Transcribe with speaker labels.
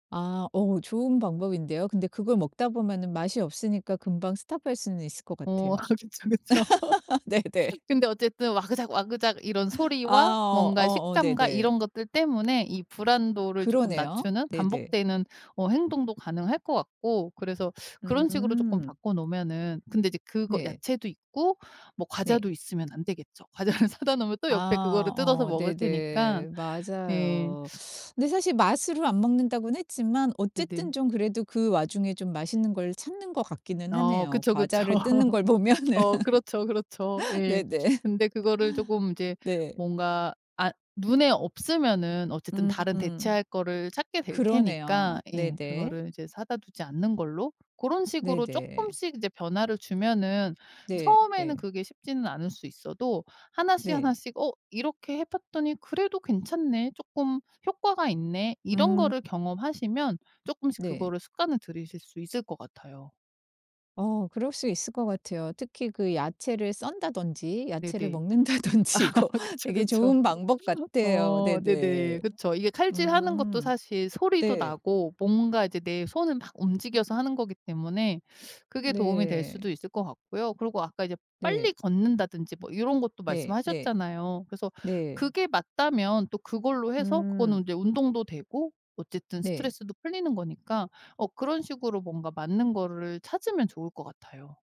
Speaker 1: 아. 어 좋은 방법인데요. 근데 그걸 먹다 보면은 맛이 없으니까 금방 스탑할 수는 있을 것
Speaker 2: 어.
Speaker 1: 같아요.
Speaker 2: 그쵸, 그쵸.
Speaker 1: 네네.
Speaker 2: 근데 어쨌든 와그작와그작 이런
Speaker 1: 아
Speaker 2: 소리와
Speaker 1: 어
Speaker 2: 뭔가
Speaker 1: 어어
Speaker 2: 식감과
Speaker 1: 네네.
Speaker 2: 이런 것들 때문에 이 불안도를 쪼끔
Speaker 1: 그러네요.
Speaker 2: 낮추는
Speaker 1: 네네.
Speaker 2: 반복되는 어 행동도 가능할 것 같고 그래서 그런 식으로 쪼끔
Speaker 1: 음.
Speaker 2: 바꿔 놓으면은 근데 이제 그거
Speaker 1: 네.
Speaker 2: 야채도 있고 뭐
Speaker 1: 네.
Speaker 2: 과자도 있으면 안 되겠죠. 과자를 사다 놓으면 또 옆에 그거를
Speaker 1: 아. 어.
Speaker 2: 뜯어서 먹을 테니까
Speaker 1: 네네.
Speaker 2: 예.
Speaker 1: 맞아요. 근데 사실 맛으로 안 먹는다고는 했지만 어쨌든
Speaker 2: 애들.
Speaker 1: 좀 그래도 그 와중에 좀 맛있는 걸 찾는 것 같기는
Speaker 2: 어.
Speaker 1: 하네요.
Speaker 2: 그쵸, 그쵸.
Speaker 1: 과자를 뜯는 걸 보면은.
Speaker 2: 어. 그렇죠. 그렇죠. 예.
Speaker 1: 네네.
Speaker 2: 근데 그거를 조금 이제
Speaker 1: 네.
Speaker 2: 뭔가 아 눈에 없으면은 어쨌든 다른
Speaker 1: 음음.
Speaker 2: 대체할 거를 찾게 될
Speaker 1: 그러네요.
Speaker 2: 테니까 예
Speaker 1: 네네.
Speaker 2: 그거를 이제 사다 두지 않는 걸로 그런 식으로
Speaker 1: 네네.
Speaker 2: 쪼끔씩 이제 변화를 주면은
Speaker 1: 네.
Speaker 2: 처음에는
Speaker 1: 예.
Speaker 2: 그게 쉽지는 않을 수 있어도 하나씩
Speaker 1: 네.
Speaker 2: 하나씩 '어 이렇게 해 봤더니 그래도 괜찮네 쪼끔 효과가 있네.' 이런
Speaker 1: 음.
Speaker 2: 거를 경험하시면 쪼끔씩
Speaker 1: 네.
Speaker 2: 그거를 습관을 들이실 수 있을 것 같아요.
Speaker 1: 어 그럴 수 있을 것 같아요. 특히 그 야채를 썬다든지 야채를
Speaker 2: 네네.
Speaker 1: 먹는다든지
Speaker 2: 아
Speaker 1: 이거
Speaker 2: 그쵸,
Speaker 1: 되게
Speaker 2: 그쵸.
Speaker 1: 좋은 방법 같아요.
Speaker 2: 어. 네네.
Speaker 1: 네네.
Speaker 2: 그쵸. 이게 칼질하는 것도
Speaker 1: 음.
Speaker 2: 사실 소리도
Speaker 1: 네.
Speaker 2: 나고 뭔가 이제 내 손을 막 움직여서 하는 거기 때문에 그게 도움이 될
Speaker 1: 네.
Speaker 2: 수도 있을 것 같고요. 그리고 아까 이제
Speaker 1: 네.
Speaker 2: 빨리 걷는다든지 뭐 요런 것도
Speaker 1: 네. 네.
Speaker 2: 말씀하셨잖아요. 그래서
Speaker 1: 네.
Speaker 2: 그게 맞다면 또 그걸로 해서
Speaker 1: 음.
Speaker 2: 그거는 이제 운동도 되고 어쨌든
Speaker 1: 네.
Speaker 2: 스트레스도 풀리는 거니까 어 그런 식으로 뭔가 맞는 거를 찾으면 좋을 것 같아요.